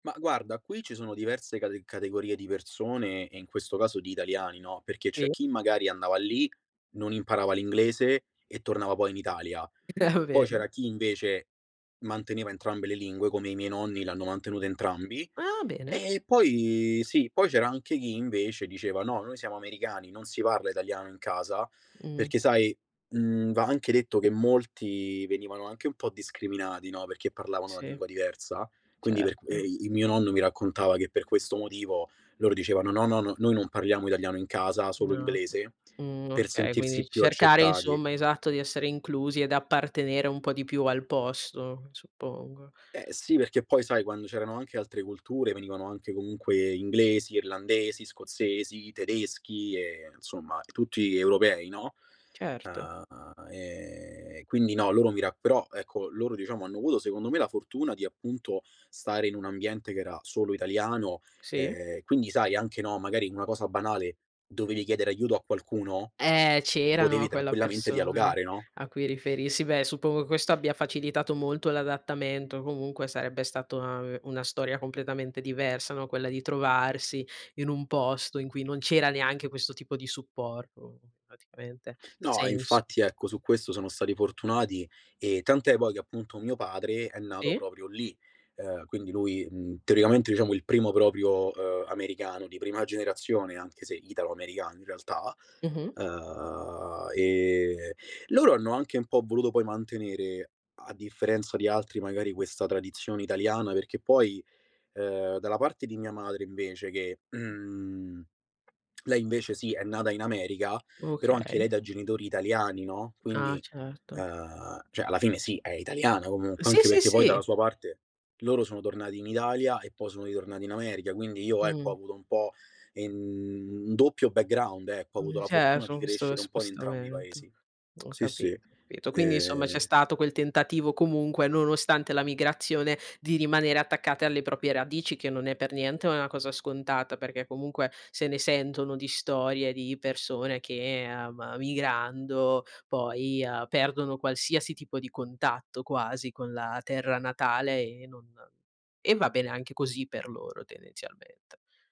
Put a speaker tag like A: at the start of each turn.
A: Mah, guarda, qui ci sono diverse cate categorie di persone, e in questo caso di italiani, no, perché c'è
B: [unintelligible]
A: chi magari andava lì, non imparava l'inglese, e tornava poi in Italia. Poi
B: Davvero?
A: c'era chi invece manteneva entrambe le lingue, come i miei nonni, l'hanno mantenuta entrambi
B: Ah, bene!
A: E poi Sì, poi c'era anche chi invece diceva: "No, noi siamo americani, non si parla italiano in casa".
B: Mh.
A: Perché sai, mhmm, va anche detto che molti venivano anche un po' discriminati, no, perché parlavano una
B: Sì.
A: lingua diversa. Quindi per qu
B: Certo.
A: e i mio nonno mi raccontava che per questo motivo loro dicevano: "No, no, no, noi non parliamo italiano in casa, solo
B: No.
A: inglese",
B: Mh,
A: per
B: okay quindi
A: sentirsi più
B: cercare
A: accettati.
B: insomma, esatto, di essere inclusi ed appartenere un po' di più al posto, suppongo.
A: Eh sì, perché poi sai, quando c'erano anche altre culture, venivano anche comunque inglesi, irlandesi, scozzesi, tedeschi e insomma tutti europei, no.
B: Certo.
A: Ah, ehm, quindi no, loro mi ra però, ecco, loro diciamo hanno avuto secondo me la fortuna di, appunto, stare in un ambiente che era solo italiano,
B: Sì.
A: ehm, quindi sai anche, no, magari una cosa banale: dovevi chiedere aiuto a qualcuno,
B: Eh, c'era no,
A: potevi
B: quella
A: tranquillamente
B: persona,
A: dialogare, no?
B: a cui riferirsi. Beh, suppongo questo abbia facilitato molto l'adattamento, comunque sarebbe stato una ve una storia completamente diversa, no, quella di trovarsi in un posto in cui non c'era neanche questo tipo di supporto, praticamente,
A: No, e
B: senso.
A: infatti ecco su questo sono stati fortunati, e tant'è poi che appunto mio padre è nato
B: Sì.
A: proprio lì. Ehm, quindi lui, mhmm, teoricamente diciamo il primo proprio, uhm, americano di prima generazione, anche se italo-americano in realtà.
B: Mh-mh.
A: Uhm, ehm, loro hanno anche un po' voluto poi mantenere, a differenza di altri magari, questa tradizione italiana, perché poi, ehm, dalla parte di mia madre invece che, uhm, lei invece sì è nata in America, però anche lei
B: Okay.
A: da genitori italiani, no.
B: Ah,
A: Quindi,
B: certo.
A: uhm, cioè alla fine sì, è italiana comunque,
B: Sì,
A: anche
B: sì,
A: perché poi
B: sì.
A: dalla sua parte loro sono tornati in Italia e poi sono ritornati in America, quindi io ecco
B: Mh.
A: ho avuto un po' in un doppio background, ecco, ho avuto
B: Mhmm,
A: la fortuna di
B: cerro questo
A: crescere un po' in entrambi i
B: spostamento.
A: Paesi.
B: Ho
A: Sì, sì.
B: capito, capito. Quindi insomma c'è
A: Ehm
B: stato quel tentativo comunque, nonostante la migrazione, di rimanere attaccate alle proprie radici, che non è per niente una cosa scontata perché comunque se ne sentono di storie di persone che, ehm, migrando poi, ehm, perdono qualsiasi tipo di contatto, quasi, con la terra natale e non e va bene anche così per loro, tendenzialmente.